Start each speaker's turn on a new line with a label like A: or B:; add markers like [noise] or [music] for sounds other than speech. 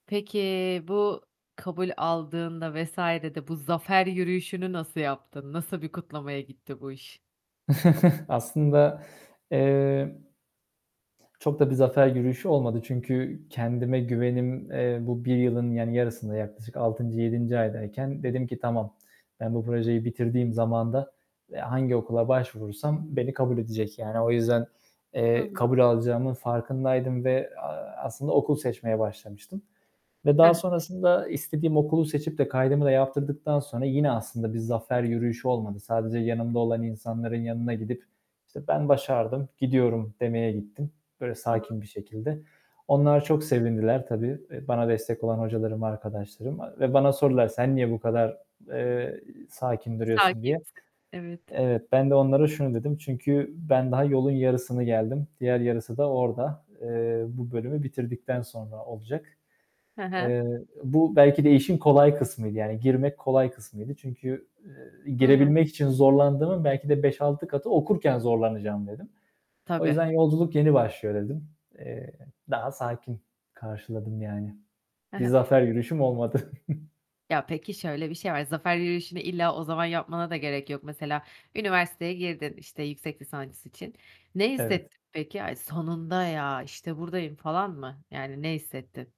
A: Peki, bu kabul aldığında vs. de bu zafer yürüyüşünü nasıl yaptın? Nasıl bir kutlamaya gitti bu iş?
B: [chuckles] Aslında, eee, çok da bir zafer yürüyüşü olmadı. Çünkü kendime güvenim, eee, bu 1 yılın yani yarısında, yaklaşık 6. 7. aydayken dedim ki tamam, ben bu projeyi bitirdiğim zamanda, eee, hangi okula başvurursam beni kabul edecek yani. O yüzden,
A: Hı
B: eee,
A: hı.
B: kabul alacağımın farkındaydım ve, aaa, aslında okul seçmeye başlamıştım. Ve
A: Hıh.
B: daha sonrasında istediğim okulu seçip de kaydımı da yaptırdıktan sonra yine aslında bir zafer yürüyüşü olmadı. Sadece yanımda olan insanların yanına gidip, işte, "Ben başardım, gidiyorum." demeye gittim. Böyle
A: Hı hı.
B: sakin bir şekilde. Onlar çok sevindiler tabii, eee, bana destek olan hocalarım, arkadaşlarım. Eee ve bana sordular: "Sen niye bu kadar, eee, sakin duruyorsun?" diye.
A: [unintelligible] evet.
B: Evet, ben de onlara şunu dedim: "Çünkü ben daha yolun yarısını geldim. Diğer yarısı da orada. Eee, bu bölümü bitirdikten sonra olacak."
A: Hı hı.
B: Eee, bu belki de işin kolay kısmıydı, yani girmek kolay kısmıydı. Çünkü, ııı,
A: A.
B: girebilmek için zorlandığımın belki de 5-6 katı okurken zorlanacağım dedim. O
A: Tabii.
B: yüzden yolculuk yeni başlıyor dedim. Eee, daha sakin karşıladım yani.
A: He
B: Bir
A: he.
B: zafer yürüyüşüm olmadı. [chuckles]
A: Ya, peki, şöyle bir şey var, zafer yürüyüşünü illa o zaman yapmana da gerek yok. Mesela üniversiteye girdin, işte, yüksek lisans için. Ne
B: Evet.
A: hissettin peki? "Ay sonunda ya, işte buradayım." falan mı? Yani ne hissettin?